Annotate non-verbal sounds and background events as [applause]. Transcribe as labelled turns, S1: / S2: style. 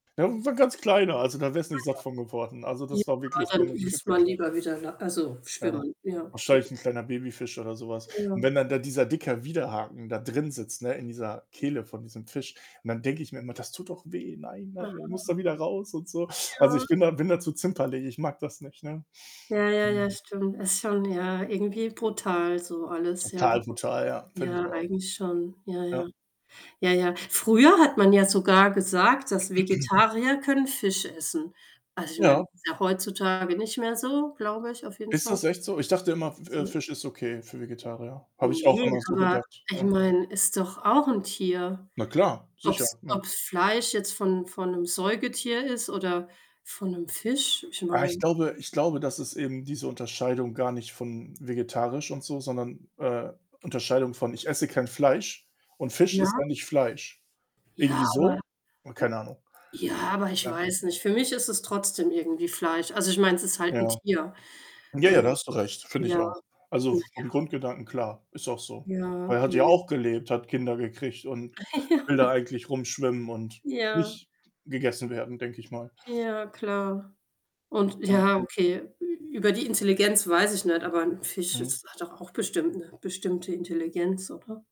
S1: Das ist 'n ganz kleiner, also da wärst nicht
S2: Ah,
S1: satt von geworden. Also,
S2: ja.
S1: das war
S2: Ja,
S1: wirklich so
S2: dann
S1: 'ne
S2: ist man
S1: klitzeklei
S2: lieber wieder La also
S1: Ja.
S2: schwimmen, ja. [unintelligible]
S1: Wahrscheinlich 'n kleiner Babyfisch oder so was und
S2: Ja.
S1: wenn dann da dieser dicker Widerhaken da drinsitzt, ne, in dieser Kehle von diesem Fisch und dann denke ich mir immer: „Das tut doch weh. Nein, nein.“ Der
S2: Aha.
S1: muss da wieder raus und so. Also, ich
S2: Ja.
S1: bin da bin da zu zimperlich. Ich mag das nicht, ne?
S2: Ja, ja, ja,
S1: [unintelligible]
S2: stimmt. Ist schon ja, irgendwie brutal so alles, ja.
S1: Total brutal, ja, finde ich
S2: Ja,
S1: auch.
S2: eigentlich schon. Ja,
S1: Ja.
S2: ja. Ja, ja. Früher hat man ja sogar gesagt, dass
S1: [clears throat]
S2: Vegetarier können Fisch essen. Also, ich meine,
S1: Ja.
S2: ist ja heutzutage nicht mehr so, glaube ich, auf jeden
S1: Ist
S2: Fall.
S1: das echt so? Ich dachte immer, f äh,
S2: [unintelligible]
S1: Fisch ist okay für Vegetarier. Habe ich auch
S2: Ne,
S1: immer so
S2: aber
S1: gedacht,
S2: ich
S1: ja.
S2: meine, ist doch auch 'n Tier.
S1: Na klar.
S2: Ob
S1: Sicher,
S2: 's
S1: ne?
S2: ob 's Fleisch jetzt von von 'nem Säugetier ist oder von 'nem Fisch, ich
S1: Ah, ich
S2: meine
S1: glaube ich glaube, dass es eben diese Unterscheidung gar nicht von vegetarisch und so, sondern, äh, Unterscheidung von, ich esse kein Fleisch und Fisch ist
S2: Ja.
S1: ja nicht Fleisch. Irgendwie
S2: Ja, aber
S1: so?
S2: [hiccups]
S1: Boah, keine Ahnung.
S2: ja, aber ich
S1: Ja.
S2: weiß nicht. Für mich ist es trotzdem irgendwie Fleisch. Also, ich meine, es ist halt 'n
S1: Ja.
S2: Tier.
S1: Ja, ja, da
S2: Ähm,
S1: hast du recht, finde ich
S2: ja.
S1: auch. Also,
S2: Na
S1: vom
S2: ja.
S1: Grundgedanken klar, ist auch so.
S2: Ja,
S1: Weil,
S2: ja,
S1: er hat ja
S2: ja.
S1: auch gelebt, hat Kinder gekriegt und will da
S2: [chuckles] Ja.
S1: eigentlich rumschwimmen und
S2: Ja.
S1: nicht gegessen werden, denke ich mal.
S2: Ja, klar und
S1: Ja.
S2: ja, okay. Ü über die Intelligenz weiß ich nicht, aber 'n Fisch
S1: Mhm.
S2: ist hat doch auch bestimmt 'ne bestimmte Intelligenz, oder?